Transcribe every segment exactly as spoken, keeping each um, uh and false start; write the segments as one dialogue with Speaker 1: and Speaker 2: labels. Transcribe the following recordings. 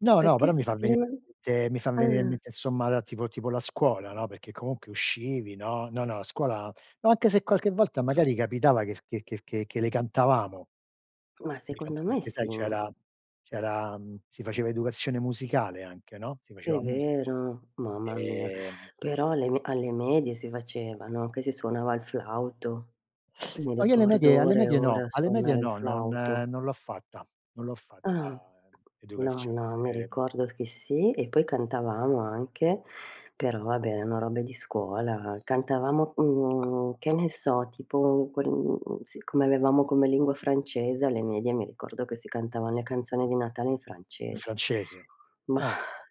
Speaker 1: No, no,
Speaker 2: Perché
Speaker 1: però mi fa venire
Speaker 2: [unintelligible]
Speaker 1: in mente mi fa venire in
Speaker 2: ah.
Speaker 1: mente, insomma la tipo tipo la scuola, no, perché comunque uscivi, no. No, no, a scuola ma anche se qualche volta magari capitava che f che che che che le cantavamo.
Speaker 2: Ma
Speaker 1: Le
Speaker 2: secondo
Speaker 1: cantava
Speaker 2: me
Speaker 1: perché sai
Speaker 2: sì.
Speaker 1: c'era c'era mhmm, si faceva educazione musicale anche, no, si
Speaker 2: È
Speaker 1: faceva musi
Speaker 2: vero, mamma mia.
Speaker 1: ehm
Speaker 2: Però alle me alle medie si faceva, no, che si suonava il flauto. Mi
Speaker 1: No, io alle
Speaker 2: ricordo
Speaker 1: medie alle
Speaker 2: ore e
Speaker 1: medie no,
Speaker 2: ore a
Speaker 1: alle medie
Speaker 2: suonare il
Speaker 1: no, non
Speaker 2: flauto.
Speaker 1: non l'ho fatta, non l'ho fatta,
Speaker 2: Ah.
Speaker 1: ehm,
Speaker 2: No,
Speaker 1: educazione
Speaker 2: no, mi ricordo che sì, e poi cantavamo anche, però vabbè erano robe di scuola; cantavamo, mhmm, che ne so, tipo quel mhmm, siccome avevamo come lingua francese alle medie mi ricordo che si cantavan le canzoni di Natale in
Speaker 1: In
Speaker 2: francese.
Speaker 1: francese,
Speaker 2: Mah,
Speaker 1: ah.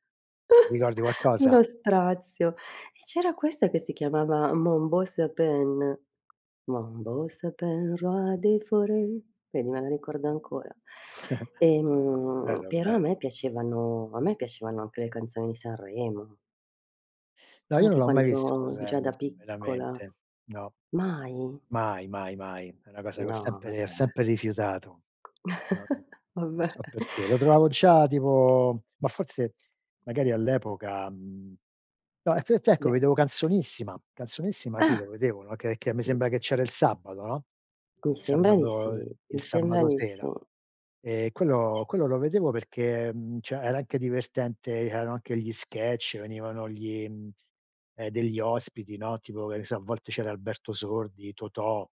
Speaker 1: Ricordi qualcosa?
Speaker 2: uno strazio! E c'era questa che si chiamava. Mon beau sapin. Mon beau sapin, roi des forêts, vedi me la ricordo
Speaker 1: Ah.
Speaker 2: ancora. Ehm,
Speaker 1: Bello,
Speaker 2: però a
Speaker 1: bello.
Speaker 2: me piacevano a me piacevano anche le canzoni di Sanremo.
Speaker 1: No, io non
Speaker 2: Anche
Speaker 1: l'ho mai
Speaker 2: quando
Speaker 1: visto
Speaker 2: ero già
Speaker 1: Sanremo,
Speaker 2: da piccola.
Speaker 1: veramente. No.
Speaker 2: Mai?
Speaker 1: Mai, mai, mai, è una cosa che ho
Speaker 2: No,
Speaker 1: sempre re
Speaker 2: vabbè.
Speaker 1: sempre rifiutato. Non
Speaker 2: Vabbè.
Speaker 1: so perché, lo trovavo già tipo ma forse magari all'epoca mhmm, no, e te e t ecco,
Speaker 2: Beh
Speaker 1: vedevo Canzonissima, Canzonissima sì,
Speaker 2: Ah.
Speaker 1: lo vedevo, no, che che me sembra che c'era il sabato, no,
Speaker 2: Mi
Speaker 1: il
Speaker 2: sembra di
Speaker 1: sabato
Speaker 2: sì,
Speaker 1: il
Speaker 2: mi sembra
Speaker 1: sabato
Speaker 2: di sì.
Speaker 1: sera. Ehm, quello
Speaker 2: Sì.
Speaker 1: quello lo vedevo perché, mhmm, ceh era anche divertente, erano anche gli sketch, venivano gli, mhmm, eh, degli ospiti, no, tipo, che ne so, a volte c'era Alberto Sordi, Totò,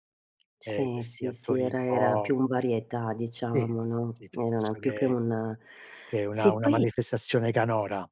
Speaker 1: ehm,
Speaker 2: Sì,
Speaker 1: questi
Speaker 2: sì, sì.
Speaker 1: attori un
Speaker 2: Era era
Speaker 1: po'
Speaker 2: più un varietà
Speaker 1: Sì,
Speaker 2: diciamo,
Speaker 1: sì,
Speaker 2: no,
Speaker 1: sì.
Speaker 2: e non è
Speaker 1: Piuttosto
Speaker 2: più che
Speaker 1: che
Speaker 2: un
Speaker 1: che una
Speaker 2: sì,
Speaker 1: una
Speaker 2: poi
Speaker 1: manifestazione canora.